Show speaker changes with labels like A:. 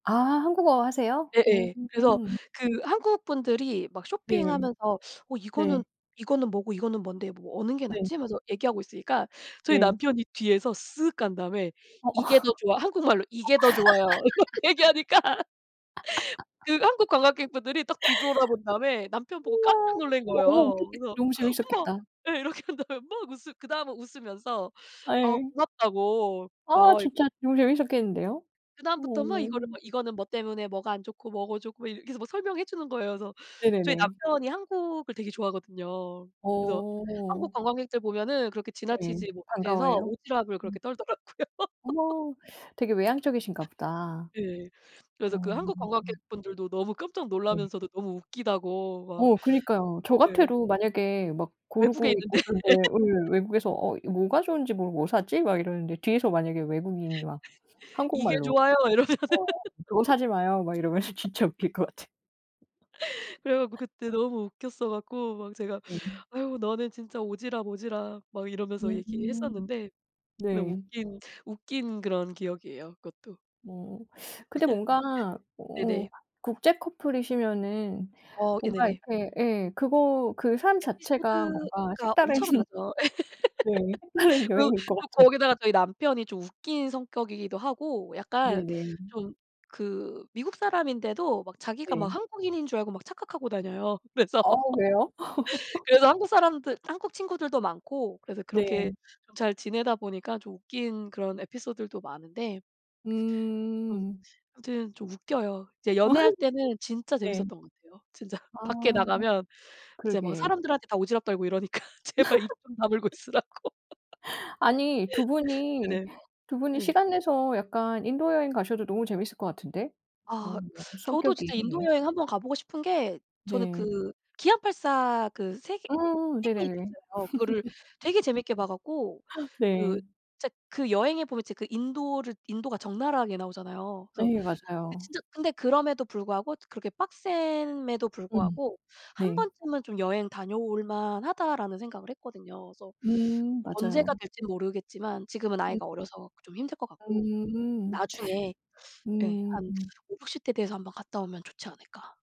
A: 아 한국어 하세요?
B: 예예. 그래서
A: 음.
B: 그 한국 분들이 막
A: 네.
B: 쇼핑하면서 어 이거는
A: 네.
B: "이거는 뭐고 이거는 뭔데 뭐 어느 게
A: 네.
B: 낫지?" 하면서 얘기하고 있으니까 저희
A: 네.
B: 남편이 뒤에서 쓱 간 다음에
A: 어.
B: "이게 더 좋아." 한국말로 "이게 더 좋아요." 이렇게 얘기하니까 그 한국 관광객 분들이 딱 뒤돌아본 다음에 남편 보고 깜짝
A: 우와.
B: 놀란
A: 너무
B: 거예요.
A: 웃겼겠
B: 그래서
A: 너무
B: "엄마!"
A: 재밌었겠다.
B: 예. 이렇게 한 다음에 막 웃으 그 다음은 웃으면서 아
A: 아이.
B: 고맙다고.
A: 아
B: 어이
A: 진짜 너무 재밌었겠는데요? 어.
B: 그다음부터 막 이거를 막 이거는 뭐 때문에 뭐가 안 좋고 뭐가 좋고 뭐 이렇게 계속 설명해 주는 거예요. 그래서 저희
A: 네네네.
B: 남편이 한국을 되게 좋아하거든요. 그래서 한국
A: 어.
B: 관광객들 보면은 그렇게
A: 네.
B: 지나치지 못해서
A: 반가워해요?
B: 오지랖을
A: 음.
B: 그렇게 떨더라고요.
A: 어머 되게 외향적이신가 보다.
B: 네. 그래서 그
A: 어.
B: 한국 관광객 분들도 너무 깜짝
A: 네.
B: 놀라면서도 너무 웃기다고 막.
A: 어 그니까요. 저
B: 네.
A: 같아도 만약에 막
B: 외국에
A: 고르고
B: 있는데.
A: 있고
B: 예.
A: 그런데 예. 외국에서 어 이 뭐가 좋은지 모르고 '뭐 사지?' 막 이러는데 뒤에서 만약에 외국인이 막
B: "이게
A: 한국말로
B: 좋아요." 이러면서
A: 어 '그거 사지 마요.' 막 이러면은 진짜 웃길 것 같아.
B: 그래 갖고 그때 너무 웃겼어 갖고 막 제가
A: 예.
B: "아유 너는 진짜 오지랖, 오지랖." 막 이러면서
A: [unintelligible]
B: 얘기했었는데 근데
A: 네.
B: 웃긴 웃긴 그런 기억이에요, 그것도.
A: 뭐 근데 뭔가 어
B: 네네.
A: 국제 커플이시면은
B: 어. 예
A: 뭔가
B: 네네.
A: 이렇게 예. 그거 그 삶 자체가 뭔가
B: 에피소드가
A: 색다른
B: 엄청나죠.
A: 네. 색다른
B: 그리고
A: 여행일 것
B: 그
A: 같아.
B: 거기다가 저희 남편이 좀 웃긴 성격이기도 하고 약간
A: 네네.
B: 좀 그 미국 사람인데도 막 자기가 막
A: 네.
B: 한국인인 줄 알고 막 착각하고 다녀요. 그래서
A: 아 왜요?
B: 그래서 한국 사람들 한국 친구들도 많고 그래서
A: 네.
B: 그렇게 잘 지내다 보니까 좀 웃긴 그런 에피소들도 많은데 음
A: 음.
B: 아무튼 좀 웃겨요. 이제 연애할 때는 진짜
A: 네.
B: 재밌었던 것 같아요 진짜.
A: 아.
B: 밖에 나가면 이제 막
A: 그러게.
B: 사람들한테 다 오지랖 떨고 이러니까 제발 입 좀 다물고 있으라고.
A: 아니 2 분이
B: 네네.
A: 2 분이
B: 네.
A: 시간 내서 약간 인도 여행 가셔도 너무 재밌을 것 같은데.
B: 아
A: 어
B: 저도 진짜 인도
A: 성격이.
B: 여행 한번 가 보고 싶은 게 저는
A: 네.
B: 그 기안84 그 세계
A: 음.
B: 태계일주
A: 네네네.
B: 있잖아요. 그거를 되게 재밌게 봐 갖고 그
A: 네.
B: 진짜 그 여행에 보면 진짜 그 인도를 인도가 적나라하게 나오잖아요. 그래서
A: 예. 맞아요.
B: 진짜 근데 그럼에도 불구하고 그렇게 빡셈에도
A: 음.
B: 불구하고
A: 네.
B: '한번쯤은 좀 여행 다녀올 만하다.'라는 생각을 했거든요. 그래서
A: 음. 맞아요.
B: 언제가 될지는 모르겠지만 지금은 아이가 어려서 좀 힘들 것 같고
A: 음음. 음.
B: 나중에 예
A: 음.
B: 한
A: 음.
B: 5-60 대 돼서 한번 갔다 오면 좋지 않을까?